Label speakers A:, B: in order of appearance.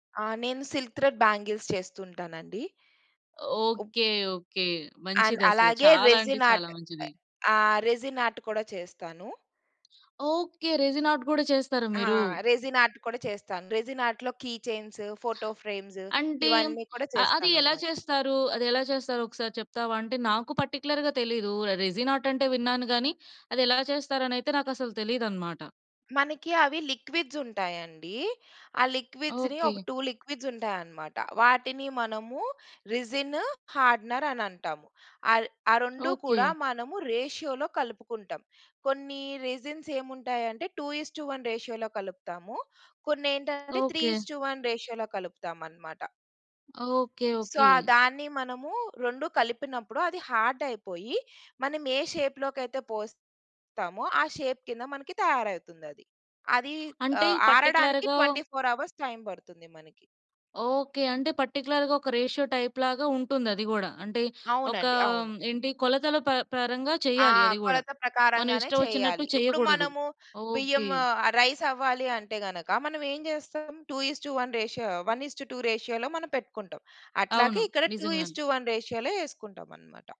A: ఆ! నేను silk thread bangles చేస్తుంటానండి.
B: ఓకె, ఓకె
A: అండ్
B: మంచిది అసలు,
A: అలాగే
B: చాలా అంటే
A: రెసిన్
B: చాలా
A: ఆర్ట్,
B: మంచిది.
A: ఆ! రెసిన్ ఆర్ట్ కూడా చేస్తాను.
B: ఓకె! రెసిన్ ఆర్ట్ గూడా చేస్తారా
A: ఆ!
B: మీరు?
A: రెసిన్ ఆర్ట్, కూడా చేస్తాను. రెసిన్ ఆర్ట్ లొ కీ చైన్స్, ఫోటో ఫ్రేమ్స్
B: అంటే
A: ఇవన్నీ కూడా
B: అ అది ఎలా
A: చేస్తాననమాట.
B: చేస్తారు? అది ఎలా చేస్తారు ఒకసారి చెప్తావా? అంటే నాకు పర్టిక్యులర్‌గా తెలియదు. రెసిన్ ఆర్ట్ అంటే విన్నాను కానీ అది ఎలా చేస్తారు అని అయితే నాకు అసలు తెలీదు అన్నమాట.
A: మనకి అవి లిక్విడ్స్ ఉంటాయండి. ఆ లిక్విడ్స్‌ని ఒక
B: ఓకె.
A: 2 లిక్విడ్స్ ఉంటాయన్నమాట. వాటిని మనము రెసిన్, హార్డనర్ అని అంటాము. అ ఆ 2 కూడా
B: ఓకె.
A: మనము రేషియోలో కలుపుకుంటాం. కొన్ని రెజిన్స్ ఏముంటాయంటే 2:1 రేషియోలో కలుపుతాము. కొన్ని ఏంటంటే three
B: okay.
A: Is to one రేషియోలో కలుపుతాము అన్నమాట.
B: Okay,
A: so
B: okay.
A: ఆ! దాన్ని మనము రెండు కలిపినప్పుడు అది హార్డ్ అయిపోయి, మనం ఏ షేప్‌లో కైయితే పోస్తామో, ఆ షేప్ కింద మనకి తయారయితుంది అది. అది అ
B: అంటే
A: ఆరడానికి
B: పర్టిక్యులర్‌గా
A: 24 అవర్స్ టైమ్ పడుతుంది మనకి.
B: ఓకె, అంటే పర్టిక్యులర్‌గా ఒక రేషియో టైప్‌ లాగా ఉంటుంది. అది గూడా, అంటే ఒక
A: అవునండి, అవును.
B: ఏంటి కొలతల ప పరంగా
A: ఆ!
B: చేయాలి అది గూడా.
A: కొలత
B: మనం
A: ప్రకారంగానే
B: ఇష్టం వచ్చినట్టు
A: చెయ్యాలి. ఇప్పుడు
B: చేయగూడదు.
A: మనము బియ్యం
B: ఓకె.
A: ఆహ్, రైస్ అవ్వాలి అంటే గనక మనం ఏం చేస్తాం? 2:1 రేషియో, 1:2 రేషియోలో మనం పెట్టుకుంటాం.
B: అవును
A: అట్లాగే ఇక్కడ టూ ఇస్
B: నిజంగానె.
A: టు వన్ రేషియోలో ఎసుకుంటాం అన్నమాట.